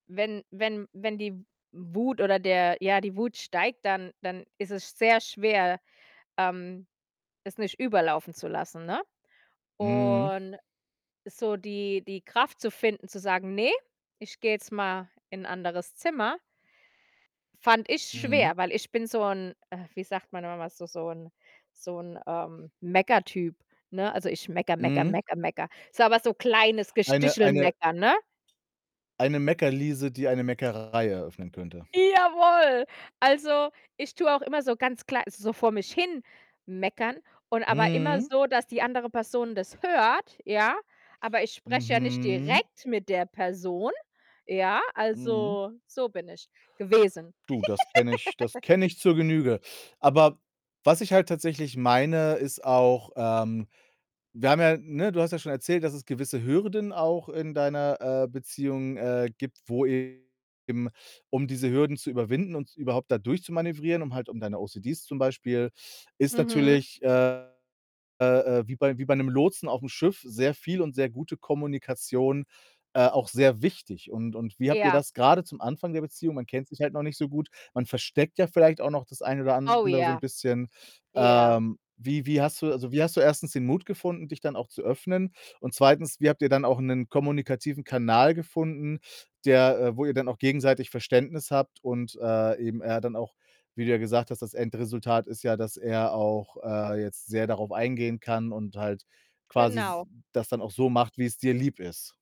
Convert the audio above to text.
Wenn wenn wenn die W Wut oder der ja, die Wut steigt, dann dann is es sehr schwer, ähm, es nicht überlaufen zu lassen, ne, Mhm. und so die die Kraft zu finden, zu sagen: „Ne, ich gehe jetzt mal in 'n anderes Zimmer“ fand ich Mhm. schwer, weil ich bin so 'n äh, wie sagt man immer so so 'n so 'n, ähm, Mecker-Typ, ne? Also, ich meckere, meckere, Mhm. meckere, meckere. So aber so kleines Eine eine Gestichel-Meckern, ne? eine Meckerliese, die eine Meckerei eröffnen könnte. Jawoll. Also, ich tue auch immer so ganz klei so vor mich hin meckern und aber immer Mhm. so, dass die andere Person das hört, ja? Aber ich spreche ja nicht Mhm. direkt mit der Person, ja? Mhm. Also, so bin ich gewesen. Du, das kenne ich das kenne ich zur Genüge. Aber was ich halt tatsächlich meine, ist auch, ähm wir haben ja ne, du hast ja schon erzählt, dass es gewisse Hürden auch in deiner, äh, Beziehung, äh, gibt, wo eben, um diese Hürden zu überwinden und überhaupt da durchzumanövrieren, um halt um deine OCDs zum Beispiel ist Mhm. natürlich, äh, äh, äh, wie bei wie bei 'nem Lotsen auf'm Schiff sehr viel und sehr gute Kommunikation, äh, auch sehr wichtig und und wie habt ihr Ja. das grade zum Anfang der Beziehung man kennt sich halt noch nicht so gut, man versteckt ja vielleicht auch noch das eine oder Oh andere so 'n ja. bisschen. Ja. Ähm, wie wie hast du also, wie hast du, 1. den Mut gefunden, dich dann auch zu öffnen? Und 2. wie habt ihr dann auch 'nen kommunikativen Kanal gefunden, der äh, wo ihr dann auch gegenseitig Verständnis habt und, äh, eben er dann auch wie du ja gesagt hast, das Endresultat ist ja, dass er auch, äh, jetzt sehr darauf eingehen kann und halt quasi s Genau. das dann auch so macht, wie's dir lieb ist.